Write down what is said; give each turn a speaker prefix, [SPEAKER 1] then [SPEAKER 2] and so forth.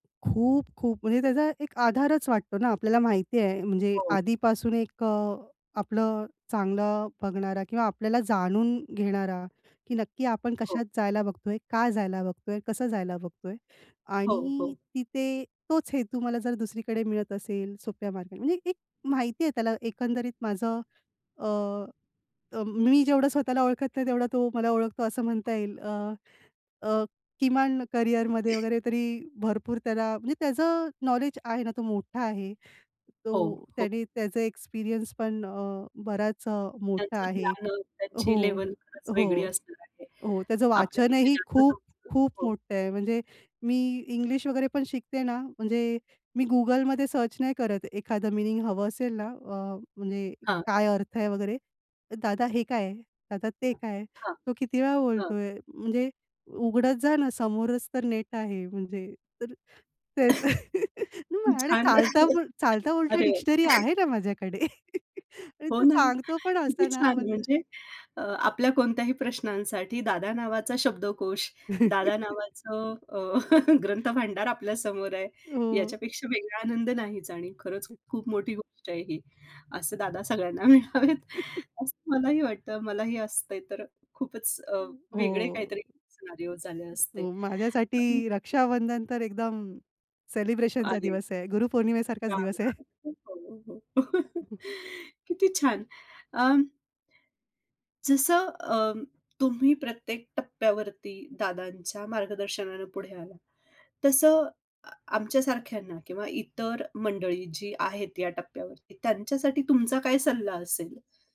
[SPEAKER 1] खूप, खूप. म्हणजे त्याचा एक आधारच वाटतो ना, आपल्याला माहिती आहे म्हणजे
[SPEAKER 2] हो.
[SPEAKER 1] आधीपासून एक अ, आपलं चांगलं बघणारा किंवा आपल्याला जाणून घेणारा, की नक्की आपण
[SPEAKER 2] हो.
[SPEAKER 1] कशात जायला बघतोय, का जायला बघतोय, कसं जायला बघतोय
[SPEAKER 2] हो,
[SPEAKER 1] आणि
[SPEAKER 2] हो.
[SPEAKER 1] तिथे तोच हेतू मला जर दुसरीकडे मिळत असेल सोप्या मार्गाने, म्हणजे एक एक माहिती आहे त्याला एकंदरीत माझं अ, अ, मी जेवढं स्वतःला ओळखत नाही तेवढा तो मला ओळखतो असं म्हणता
[SPEAKER 2] [unintelligible]
[SPEAKER 1] येईल. अ, अ, किमान करियरमध्ये वगैरे तरी भरपूर त्याला म्हणजे त्याचं नॉलेज आहे ना, तो मोठा आहे.
[SPEAKER 2] हो,
[SPEAKER 1] तो
[SPEAKER 2] खूप
[SPEAKER 1] त्याने त्याचा एक्सपिरियन्स पण अ, बराच अ, मोठा
[SPEAKER 2] त्यांचं
[SPEAKER 1] आहे.
[SPEAKER 2] [unintelligible]
[SPEAKER 1] हो.
[SPEAKER 2] त्यांची लेव्हल, खरंच वेगळी
[SPEAKER 1] हो.
[SPEAKER 2] असणार आहे.
[SPEAKER 1] हो. त्याचं
[SPEAKER 2] आपल्यापेक्षा
[SPEAKER 1] वाचनही
[SPEAKER 2] जास्त
[SPEAKER 1] खूप,
[SPEAKER 2] समजतं.
[SPEAKER 1] खूप
[SPEAKER 2] हो.
[SPEAKER 1] मोठं आहे. म्हणजे मी इंग्लिश वगैरे पण शिकते ना म्हणजे मी Googleमध्ये सर्च नाही करत एखादं मीनिंग हवं असेल ना अ, म्हणजे
[SPEAKER 2] हां.
[SPEAKER 1] काय अर्थ आहे वगैरे, "दादा हे काय? दादा ते काय?"
[SPEAKER 2] हां,
[SPEAKER 1] तो किती वेळा
[SPEAKER 2] हां.
[SPEAKER 1] बोलतोय म्हणजे, "उघडत जा ना समोरच तर नेट आहे" म्हणजे. तर त्याचं आणि
[SPEAKER 2] छान
[SPEAKER 1] चालता
[SPEAKER 2] आहे.
[SPEAKER 1] बो चालता-बोलता
[SPEAKER 2] अरे
[SPEAKER 1] डिक्शनरी
[SPEAKER 2] वाह!
[SPEAKER 1] आहे ना माझ्याकडे आणि
[SPEAKER 2] हो
[SPEAKER 1] तो
[SPEAKER 2] ना.
[SPEAKER 1] सांगतो पण अस
[SPEAKER 2] किती
[SPEAKER 1] ना
[SPEAKER 2] छान
[SPEAKER 1] म्हणजे
[SPEAKER 2] म्हणजे अ, आपल्या कोणत्याही प्रश्नांसाठी दादा नावाचा शब्दकोश, दादा नावाचं अ, ग्रंथ भांडार आपल्या समोर आहे,
[SPEAKER 1] हो.
[SPEAKER 2] याच्यापेक्षा वेगळा आनंद नाहीच आणि खरंच खूप मोठी गोष्ट आहे ही. असे दादा सगळ्यांना मिळावेत असं मलाही वाटतं. मलाही असतंय तर खूपच अ,
[SPEAKER 1] हो,
[SPEAKER 2] वेगळे काहीतरी सिनारिओ झाले असते.
[SPEAKER 1] हो, माझ्यासाठी
[SPEAKER 2] पण
[SPEAKER 1] रक्षाबंधन तर एकदम सेलिब्रेशनचा
[SPEAKER 2] अरे.
[SPEAKER 1] दिवस आहे. गुरुपौर्णिमेसारखाच
[SPEAKER 2] छान,
[SPEAKER 1] दिवस आहे.
[SPEAKER 2] छान. [unintelligible] किती छान अ जसं अं, तुम्ही प्रत्येक टप्प्यावरती दादांच्या मार्गदर्शनाने पुढे आलात, तसं अ, आमच्या सारख्यांना किंवा इतर मंडळी जी आहेत या टप्प्यावरती, त्यांच्यासाठी तुमचा काय सल्ला असेल?